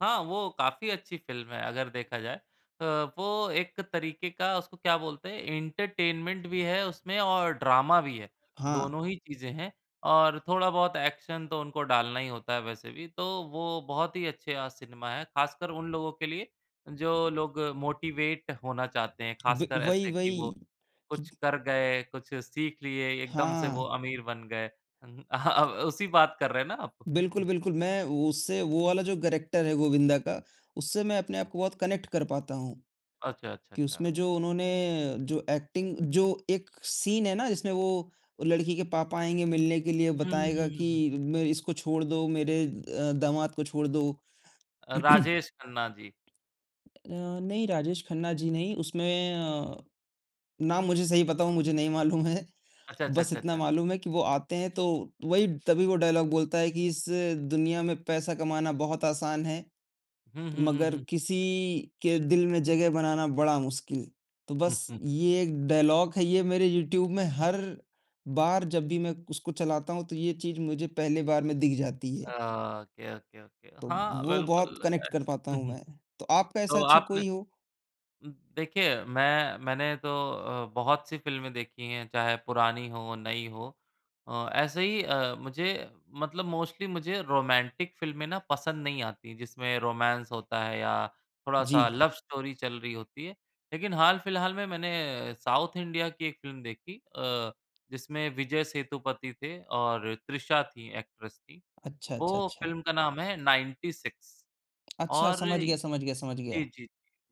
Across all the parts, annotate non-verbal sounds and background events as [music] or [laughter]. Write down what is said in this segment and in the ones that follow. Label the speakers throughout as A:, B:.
A: हाँ, वो काफ़ी अच्छी फ़िल्म है अगर देखा जाए अ, वो एक तरीके का उसको क्या बोलते हैं एंटरटेनमेंट भी है उसमें और ड्रामा भी है,
B: हाँ।
A: दोनों ही चीजें हैं और थोड़ा-बहुत एक्शन तो उनको डालना ही होता है वैसे भी, तो वो बहुत ही अच्छे अ, सिनेमा हैं खासकर उन लोगों के लिए जो लोग मोटिवेट होना चाहते हैं,
B: ब
A: खासकर
B: वही,
A: ऐसे कि वो
B: वही। कि
A: कुछ कर गए, कुछ सीख लिए, एकदम से वो
B: हाँ।
A: अमीर बन गए। हुँ, हुँ। अह अ, व उसी बात कर रहे हैं ना आप?
B: बिल्कुल,
A: हुँ।
B: बिल्कुल। मैं उससे वो वाला जो करैक्टर है गोविंदा का उससे मैं अपने आप को बहुत कनेक्ट कर पाता हूँ,
A: अच्छा, अच्छा,
B: कि
A: अच्छा।
B: उसमें जो उन्होंने जो एक्टिंग जो एक सीन है ना जिसमें वो लड़की के पापा आएँगे मिलने के लिए
A: हुँ,
B: बताएगा
A: हुँ, हुँ।
B: कि म इसको छोड़ दो मेरे अ, दामाद को छोड़ दो।
A: अ,
B: [clears throat]
A: राजेश खन्ना जी।
B: अ, नहीं राजेश खन्ना जी नहीं उसमें अ, नाम मुझे सही बताऊँ मुझे नहीं मालूम है,
A: अच्छा, अच्छा,
B: बस
A: अच्छा,
B: इतना
A: अच्छा।
B: मालूम है कि वो आते हैं तो वही तभी वो डायलॉग बोलता है कि इस दुनिया में पैसा कमाना बहुत आसान है,
A: हुँ, हुँ, हुँ, हुँ,
B: मगर
A: हुँ।
B: किसी के दिल में जगह बनाना बड़ा मुश्किल, तो बस
A: [chuckles]
B: ये एक डायलॉग है, ये मेरे यूट्यूब में हर बार जब भी मैं उसको चलाता हूँ, तो ये चीज़ मुझे पहले बार में दिख जाती
A: अ,
B: है।
A: Okay, okay, okay.
B: तो
A: हाँ
B: वो बहुत
A: बिल्कुल,
B: कनेक्ट कर पाता
A: ऐसे
B: हूँ
A: उहुँ।
B: मैं, तो आपका ऐसा
A: तो
B: अच्छा
A: आपने
B: कोई हो?
A: उम, देखिए मैं मैंने तो अ, बहुत सी फ़िल्में देखी हैं चाहे पुरानी हों, नई हो अ, ऐसे ही अ, मुझे मतलब मोस्टली मुझे रोमैन्टिक फ़िल्में ना पसंद नहीं आती, जिसमें रोमैंस होता है या थोड़ा-सा
B: जी।
A: लव स्टोरी चल रही होती है लेकिन हाल-फिलहाल में मैंने साउथ इंडिया की एक फ़िल्म देखी अ, जिसमें विजय सेतुपति थे और तृषा थीं एक्ट्रेस थीं,
B: अच्छा, अच्छा,
A: वो
B: अच्छा।
A: फ़िल्म का नाम है नाइन्टी सिक्स
B: अच्छा,
A: और
B: समझ
A: जी,
B: गया, समझ गया, समझ
A: जी,
B: गया।
A: जी।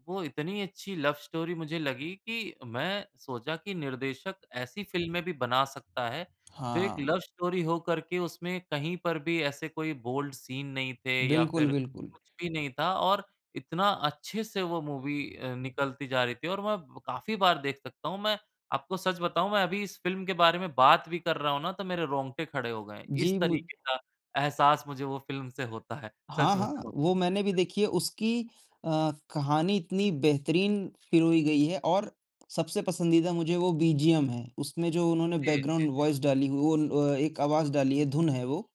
A: वो इतनी अच्छी लव स्टोरी मुझे लगी कि मैं सोचा कि निर्देशक ऐसी फ़िल्में भी बना सकता है, जो एक
B: हाँ।
A: लव स्टोरी हो कर के उसमें कहीं पर भी ऐसे कोई बोल्ड सीन नहीं थे या
B: बिल्कुल,
A: फिर
B: बिल्कुल।
A: कुछ भी नहीं था और इतना अच्छे से वो मूवी अ, निकलती जा रही थी और मैं काफ़ी बार देख सकता हूँ। मैं आपको सच बताऊँ मैं अभी इस फ़िल्म के बारे में बात भी कर रहा हूँ ना तो मेरे रोंगटे खड़े हो गए, इस
B: जी मु
A: तरीके का एहसास मुझे वो फ़िल्म से होता है
B: हाँ,
A: सच
B: हाँ।
A: बताऊँ।
B: वो मैंने भी देखी है, उसकी अ, कहानी इतनी बेहतरीन पिरोई गई है और सबसे पसंदीदा मुझे वो बीजीएम है, उसमें जो उन्होंने
A: जी, जी,
B: बैकग्राउन्ड
A: जी।
B: वॉइस डाली वो न अ, एक आवाज़ डाली है, धुन है वो।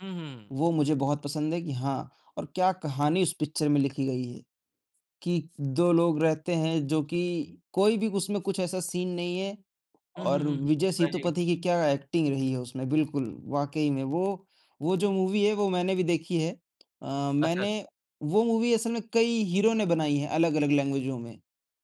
A: हुँ, हुँ।
B: वो मुझे बहुत पसंद है कि हाँ, और क्या कहानी उस पिक्चर में लिखी गई है, कि 2 लोग रहते हैं जो कि कोई भी उसमें कुछ ऐसा सीन नहीं है
A: हुँ, हुँ,
B: और
A: हुँ, हुँ, हुँ।
B: विजय
A: वही।
B: सेतुपति की क्या एक्टिंग रही है उसमें, बिल्कुल वाक़ई में वो वो जो मूवी है वो मैंने भी देखी है। अ,
A: अच्छा,
B: मैंने
A: अच्छा।
B: वो मूवी असल में कई हीरो ने बनाई है अलग-अलग लैंग्वेजो में।